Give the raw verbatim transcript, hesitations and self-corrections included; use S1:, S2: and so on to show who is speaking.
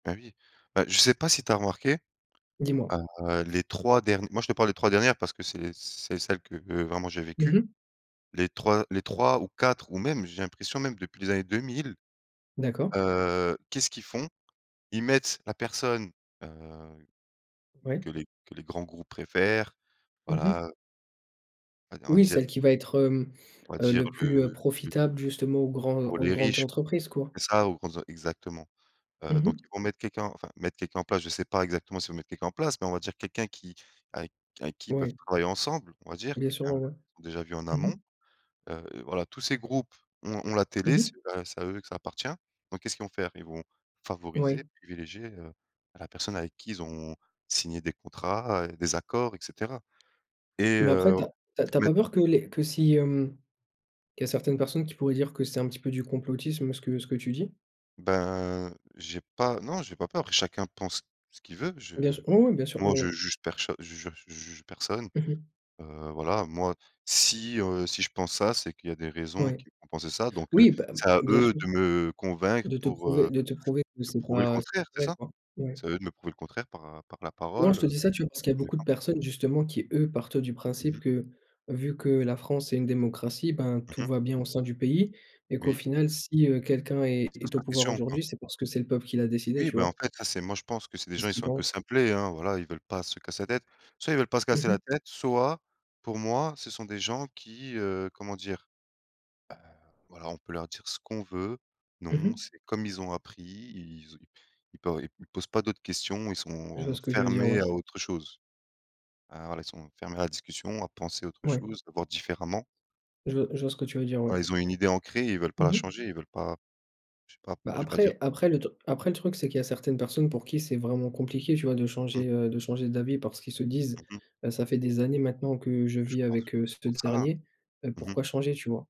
S1: Bah oui. Bah, je sais pas si tu as remarqué,
S2: Dis-moi.
S1: heu, les trois dern moi je te parle des trois dernières parce que c'est c c'est celle que vraiment j'ai
S2: Mmh
S1: vécue,
S2: mh.
S1: les trois les trois ou quatre ou même j'ai l'impression même depuis les années deux mille,
S2: D'accord.
S1: heu, qu'est-ce qu'ils font? Ils mettent la personne, heu,
S2: Oui.
S1: que les que les grands groupes préfèrent,
S2: Mmh mh.
S1: voilà, heu allez on va
S2: Oui,
S1: dire
S2: celle qui va être, hem,
S1: on va
S2: heu,
S1: dire
S2: le plus, heu,
S1: le le
S2: profitable justement aux gran
S1: Pour
S2: aux
S1: les
S2: grandes
S1: riches.
S2: entreprises quoi.
S1: C'est ça, aux grandes en exactement. Heu,
S2: Mmh
S1: donc
S2: mh.
S1: ils vont mettre quelqu'un enfin mettre quelqu'un en place, je sais pas exactement s'ils vont mettre quelqu'un en place, mais on va dire quelqu'un qui avec avec qui ils peuvent
S2: Ouais.
S1: travailler ensemble. On va dire
S2: Bien sûr,
S1: quelqu'un,
S2: ouais,
S1: heu,
S2: ouais.
S1: déjà vu en
S2: Mmh
S1: amont.
S2: mh.
S1: Heu, voilà, tous ces groupes ont ont la télé,
S2: Mmh mh.
S1: c'est à c'est à eux que ça appartient. Donc qu'est-ce qu'ils vont faire? Ils vont
S2: Oui.
S1: favoriser, privilégier, heu, la personne avec qui ils ont signé des contrats et des accords, et cetera. Et
S2: Mais après,
S1: heu,
S2: tu as tu as tu as
S1: mett
S2: pas peur que les que si, mmh, qu'il y a certaines personnes qui pourraient dire que c'est un petit peu du complotisme ce que ce que tu dis?
S1: Ben, j'ai pas non j'ai pas peur, chacun pense ce qu'il veut,
S2: Bien sûr,
S1: je
S2: oui, oui, bien sûr,
S1: moi
S2: ouais,
S1: je
S2: ouais.
S1: juge percho, je juge je juge personne.
S2: Mmh mh.
S1: Heu, voilà, moi si, heu si je pense ça, c'est qu'il y des raisons
S2: Ouais.
S1: qui me font penser ça, donc, heu,
S2: Oui! Bah, b
S1: c'est à
S2: bien
S1: eux
S2: sûr.
S1: de me convaincre
S2: De te
S1: pour,
S2: prouver
S1: heu,
S2: de te prouver que
S1: me
S2: c'est
S1: prouver le
S2: pas c'est
S1: contraire,
S2: pas
S1: c'est
S2: vrai
S1: ça.
S2: quoi. Ouais.
S1: C'est à eux de me prouver le contraire par, heu par la
S2: Non je
S1: parole.
S2: te dis ça tu vois, parce qu'il y a beaucoup de
S1: [unintelligible]
S2: personnes justement qui eux, partent du
S1: Mmh
S2: principe
S1: mh.
S2: que vu que la France est une démocratie, ben,
S1: Mmh
S2: tout
S1: mh.
S2: va bien au sein du pays et qu'au
S1: Oui.
S2: final si, heu, quelqu'un est
S1: Ils se
S2: est
S1: posent
S2: au
S1: pas de
S2: pouvoir
S1: questions quoi.
S2: aujourd'hui, c'est parce que c'est le peuple qui l'a décidé
S1: Oui
S2: tu
S1: ben en
S2: vois?
S1: fait, ça c'est moi je pense que c'est des
S2: C'est ce
S1: gens, ils
S2: qu'ils
S1: sont un peu
S2: pensent.
S1: simplet hein, voilà, ils veulent pas se casser la tête. Soit ils veulent pas se
S2: Mmh
S1: casser la
S2: mh.
S1: tête, soit pour moi ce sont des gens qui, heu, comment dire, ben voilà, on peut leur dire ce qu'on veut,
S2: Mmh
S1: non
S2: mh.
S1: c'est comme ils ont appris, ils o ils po ils posent pas d'autres questions, ils
S2: Je vois
S1: sont
S2: ce que tu veux dire,
S1: fermés
S2: ouais.
S1: à autre chose. Ah, voilà, ils sont fermés à la discussion, à penser autre
S2: Ouais.
S1: chose, à voir différemment.
S2: Je ve je vois que tu veux dire, ouais.
S1: Voilà, ils ont une idée ancrée, ils veulent pas
S2: Mmh
S1: la
S2: mh.
S1: changer, ils veulent pas je sais pas,
S2: Bah
S1: je vais pas dire
S2: après après le tr après le truc c'est qu'il y a certaines personnes pour qui c'est vraiment compliqué tu vois de
S1: Mmh.
S2: changer, heu, de changer d'avis parce qu'ils se disent,
S1: Mmh mh.
S2: heu: «Ça fait des années maintenant que je
S1: Mais je
S2: vis
S1: crois,
S2: avec, heu, ce f
S1: j'en sais rien.
S2: dernier, heu,
S1: Mmh mh.
S2: pourquoi changer?» Tu vois.